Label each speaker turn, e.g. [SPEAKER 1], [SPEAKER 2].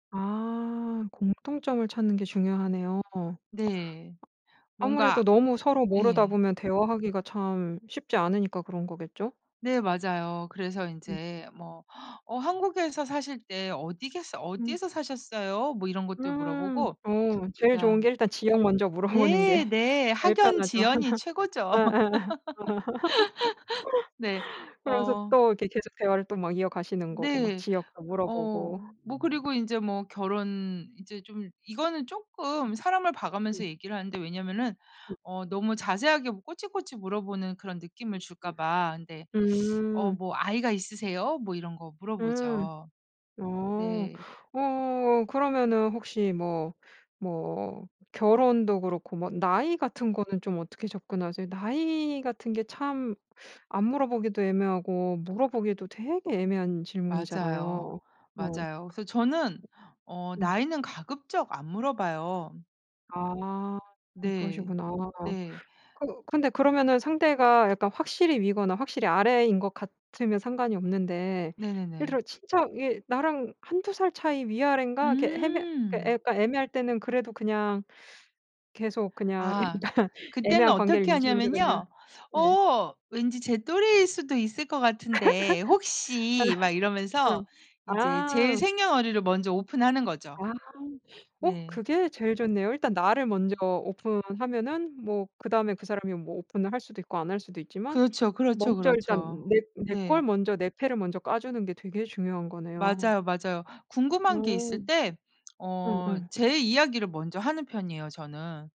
[SPEAKER 1] 아. 공통점을 찾는 게 중요하네요.
[SPEAKER 2] 네.
[SPEAKER 1] 아무래도
[SPEAKER 2] 뭔가
[SPEAKER 1] 너무 서로 모르다
[SPEAKER 2] 예.
[SPEAKER 1] 보면 대화하기가 참 쉽지 않으니까 그런 거겠죠?
[SPEAKER 2] 네 맞아요. 그래서
[SPEAKER 1] 음.
[SPEAKER 2] 인제 뭐 어 한국에서 사실 네 어디겠어
[SPEAKER 1] 음.
[SPEAKER 2] "어디에서 사셨어요?" 뭐 이런 것도
[SPEAKER 1] 음.
[SPEAKER 2] 물어보고
[SPEAKER 1] 어
[SPEAKER 2] 그
[SPEAKER 1] 제일 좋은
[SPEAKER 2] 다음
[SPEAKER 1] 게 일단 지역 먼저 물어보는 게
[SPEAKER 2] 네. 네.
[SPEAKER 1] 제일
[SPEAKER 2] 학연
[SPEAKER 1] 편하죠.
[SPEAKER 2] 지연이 최고죠.
[SPEAKER 1] 어어어.
[SPEAKER 2] 네.
[SPEAKER 1] 그러면서
[SPEAKER 2] 어
[SPEAKER 1] 또 이렇게 계속 대화를 또 막 이어가시는 거고 막
[SPEAKER 2] 네.
[SPEAKER 1] 지역도 물어보고.
[SPEAKER 2] 어 뭐 그리고 인제 뭐 결혼 이제 좀 이거는 쪼금 사람을
[SPEAKER 1] 음.
[SPEAKER 2] 봐가면서 얘기를 하는데 왜냐면은
[SPEAKER 1] 음.
[SPEAKER 2] 어 너무 자세하게 뭐 꼬치꼬치 물어보는 그런 느낌을
[SPEAKER 1] [unintelligible]
[SPEAKER 2] 줄까봐 근데 어
[SPEAKER 1] 음.
[SPEAKER 2] 뭐 "아이가 있으세요?" 뭐 이런 거
[SPEAKER 1] 음.
[SPEAKER 2] 물어보죠.
[SPEAKER 1] 어.
[SPEAKER 2] 네.
[SPEAKER 1] 어 그러면은 혹시 뭐, 뭐 결혼도 그렇고 뭐 나이 같은 거는 좀 어떻게 접근하세요? 나이 같은 게 참 안 물어보기도 애매하고 물어보기도 되게 애매한
[SPEAKER 2] 맞아요.
[SPEAKER 1] 질문이잖아요. 어.
[SPEAKER 2] 맞아요. 그래서 저는 어
[SPEAKER 1] 음.
[SPEAKER 2] 나이는 가급적 안 물어봐요.
[SPEAKER 1] 아. 좀
[SPEAKER 2] 네.
[SPEAKER 1] 그러시구나.
[SPEAKER 2] 네.
[SPEAKER 1] 그 근데 그러면은 상대가 약간 확실히 위거나 확실히 아래인 것 같으면 상관이 없는데 예를
[SPEAKER 2] 네네네.
[SPEAKER 1] 들어 진짜 얘 나랑 1-2 살 차이 위아랜가 이렇게 해해 그러니까 그
[SPEAKER 2] 음.
[SPEAKER 1] 약간 애매할 때는 그래도 그냥 계속 그냥
[SPEAKER 2] 아.
[SPEAKER 1] 일단
[SPEAKER 2] 그때는
[SPEAKER 1] 애매한 관계를
[SPEAKER 2] 어떻게
[SPEAKER 1] 유지하면서 그냥.
[SPEAKER 2] 하냐면요.
[SPEAKER 1] 네.
[SPEAKER 2] "어 왠지 제 또래일 수도 있을 것 같은데
[SPEAKER 1] 아.
[SPEAKER 2] 혹시." 막 이러면서
[SPEAKER 1] 응.
[SPEAKER 2] 인제 제
[SPEAKER 1] 아.
[SPEAKER 2] 생년월일을 먼저 오픈하는 거죠.
[SPEAKER 1] 아. 어
[SPEAKER 2] 네.
[SPEAKER 1] 그게 제일 좋네요. 일단 나를 먼저 오픈하면은 뭐 그 다음에 그 사람이 뭐 오픈을 할 수도 있고 안 할 수도 있지만
[SPEAKER 2] 그렇죠. 그렇죠,
[SPEAKER 1] 먼저 일단
[SPEAKER 2] 그렇죠.
[SPEAKER 1] 내 내 걸
[SPEAKER 2] 네.
[SPEAKER 1] 먼저 내 패를 먼저 까주는 게 되게 중요한 거네요.
[SPEAKER 2] 맞아요, 맞아요. 궁금한 게 있을
[SPEAKER 1] 음.
[SPEAKER 2] 때 어
[SPEAKER 1] 응응.
[SPEAKER 2] 제 이야기를 먼저 하는 편이에요 저는.